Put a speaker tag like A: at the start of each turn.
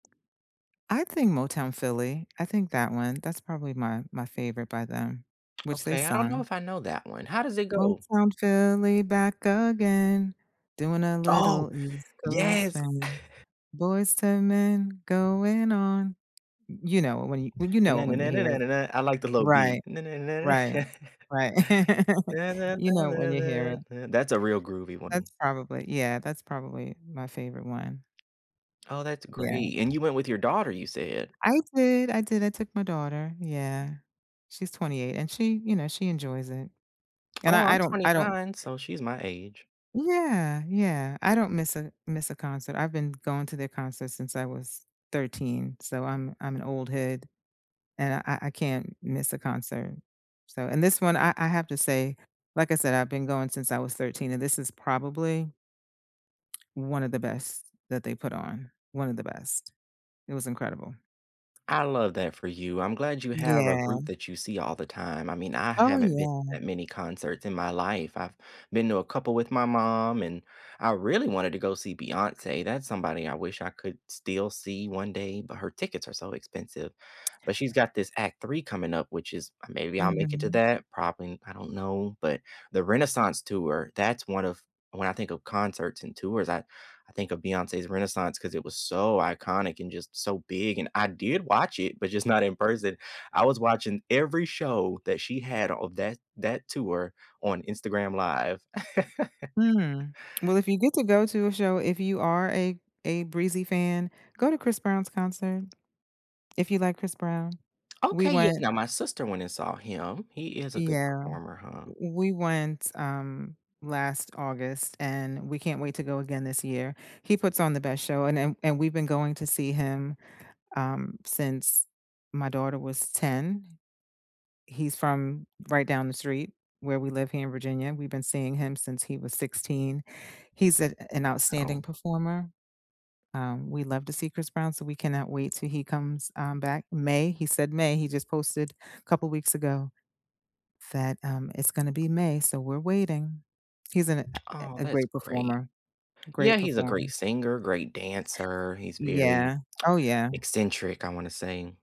A: I think Motown Philly. I think that one. That's probably my my favorite by them, which they
B: Okay, I don't know
A: sung.
B: if I know that one. How does it go?
A: Motown Philly back again, doing a
B: Oh,
A: little East Coast
B: yes.
A: swing, Boyz II Men going on You know, when you well, you
B: I
A: know it when you hear it.
B: like the lil beat.
A: Right.
B: That's
A: Right. Right. You know it when you hear it.
B: a real groovy one.
A: That's probably yeah, that's probably my favorite one.
B: Oh, that's
A: Yeah.
B: great, and you went with your daughter, you said?
A: I did, I did, I took my daughter. Yeah. She's 28 and she you know, she enjoys it, and
B: Oh,
A: I I
B: I'm
A: don't I don't
B: 29, so she's my age.
A: Yeah, yeah. I don't miss a miss a concert. I've been going to their concert since I was 13, so I'm I'm an old head, and I I can't miss a concert, so and this one, I I have to say, like I said, I've been going since I was 13, and this is probably one of the best that they put on. One of the best. It was incredible.
B: I love that for you. I'm glad you have a
A: Yeah.
B: group that you see all the time. I mean, I
A: Oh,
B: haven't been
A: yeah.
B: at many concerts in my life. I've been to a couple with my mom, and I really wanted to go see Beyoncé. That's somebody I wish I could still see one day, but her tickets are so expensive. But she's got this Act III coming up, which is maybe I'll make it to
A: Mhm.
B: that, probably I don't know, but the Renaissance tour, that's one of when I think of concerts and tours, I I think of Beyoncé's Renaissance 'cause it was so iconic and just so big, and I did watch it, but just not in person. I was watching every show that she had on that that tour on Instagram Live.
A: Hmm, well, if you get to go to a show, if you are a a Breezy fan, go to Chris Brown's concert. If you like Chris Brown. We
B: Okay, yes.
A: went
B: Now, my sister went and saw him. He is a good
A: Yeah.
B: performer, huh?
A: We went, um, last August, and we can't wait to go again this year. He puts on the best show, and and and we've been going to see him, um, since my daughter was 10. He's from right down the street where we live here in Virginia. We've been seeing him since he was 16. He's an an outstanding
B: Oh.
A: performer. Um, we love to see Chris Brown, so we cannot wait till he comes, um, back. May, he said May. He just posted a couple weeks ago that, um, it's gonna be May, so we're waiting. He's an a
B: Aw,
A: a
B: that's
A: great
B: great.
A: performer.
B: Yeah,
A: Great
B: he's a great
A: perform
B: singer, great dancer. He's very
A: Yeah. Oh, yeah.
B: eccentric, I wanna say.